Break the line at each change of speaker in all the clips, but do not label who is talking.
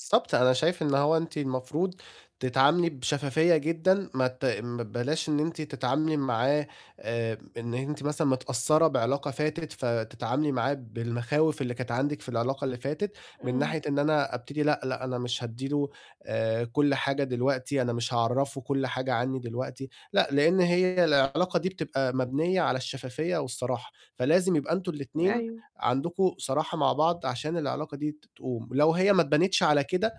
بالضبط. أنا شايف إن هو أنتِ المفروض تتعاملي بشفافية جدًا، ما ت ما بلاش إن أنتِ تتعاملي معاه آآ، إن أنتِ مثلًا متأثّرة بعلاقة فاتت، فتتعاملي معاه بالمخاوف اللي كانت عندِك في العلاقة اللي فاتت من
إمم.
ناحية إن أنا أبتدي لأ، لأ، أنا مش هادّي له آآ، كل حاجة دلوقتي، أنا مش هاعرّفه كل حاجة عنّي دلوقتي. لأ، لإن هي العلاقة دي بتبقى مبنيّة على الشفافية والصراحة، فلازم يبقى أنتم الاتنين
أيوه.
عندكم صراحة مع بعض، عشان العلاقة دي ت تقوم، ولو هي ما أتبنتش على كده،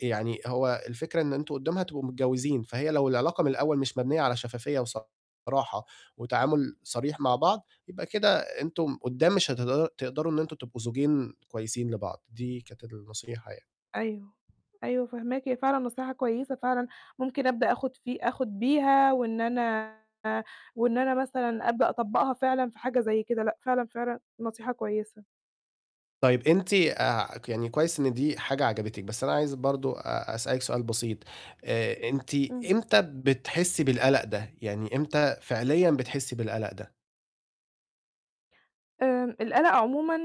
يعني هو الفكرة إن أنتم قُدّام هتبقوا متجوّزين، فهي لو العلاقة من الأول مش مبنيّة على شفافية وصراحة وتعامل صريح مع بعض، يبقى كده أنتم قُدّام مش هتقدد تقدروا إن أنتم تبقوا زوجين كويسين لبعض، دي كانت النصيحة يعني.
أيوه. أيوه فاهماكِ، هي فعلًا نصيحة كويسة فعلًا، ممكن أبدأ آخُد في آخُد بيها وإن أنا وإن أنا مثلًا أبدأ أطبّقها فعلًا في حاجة زي كده، لأ، فعلًا، فعلًا نصيحة كويسة.
طيب. أنتِ آآ، ك يعني كويس إن دي حاجة عجبتِك، بس أنا عايز برضه أ أسألِك سؤال بسيط، آآ، أنتِ
إمم.
إمتى بتحسّي بالقلق ده؟ يعني إمتى فعليًا بتحسّي بالقلق ده؟
آآ، القلق عمومًا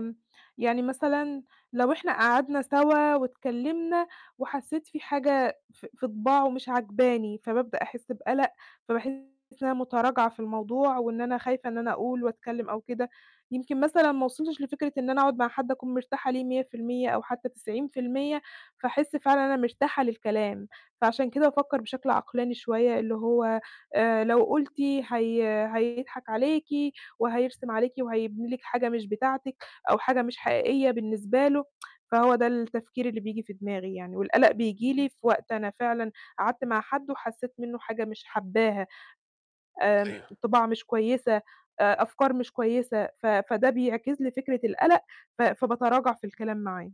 م يعني مثلًا لو إحنا قعدنا سَوا واتكلِّمنا وحسّيت في حاجة في في طباعه مش عاجباني، فبابدأ أحس بقلق، فباحس إن أنا مُتراجعة في الموضوع وإن أنا خايفة إن أنا أقول وأتكلِّم أو كده. يمكن مثلًا ما وصلتش لفكرة إن أنا أقعد مع حد أكون مرتاحة ليه 100% أو حتّى 90%، فاحس فعلًا أنا مرتاحة للكلام. فعشان كده بافكّر بشكل عقلاني شوية اللي هو آآ، لو قُلتِ هي هيضحك عليكِ وهيرسم عليكِ وهيبني لِك حاجة مش بتاعتِك أو حاجة مش حقيقية بالنسبة له، فهو ده التفكير اللي بييجي في دماغي يعني، والقلق بييجي لي في وقت أنا فعلًا قعدت مع حد وحسّيت منّه حاجة مش حبّاها، آمم،
أيوه.
طباع مش كويسة، آآ أفكار مش كويسة، ف فده بيعكس لي فكرة القلق، ف فباتراجع في الكلام معاه.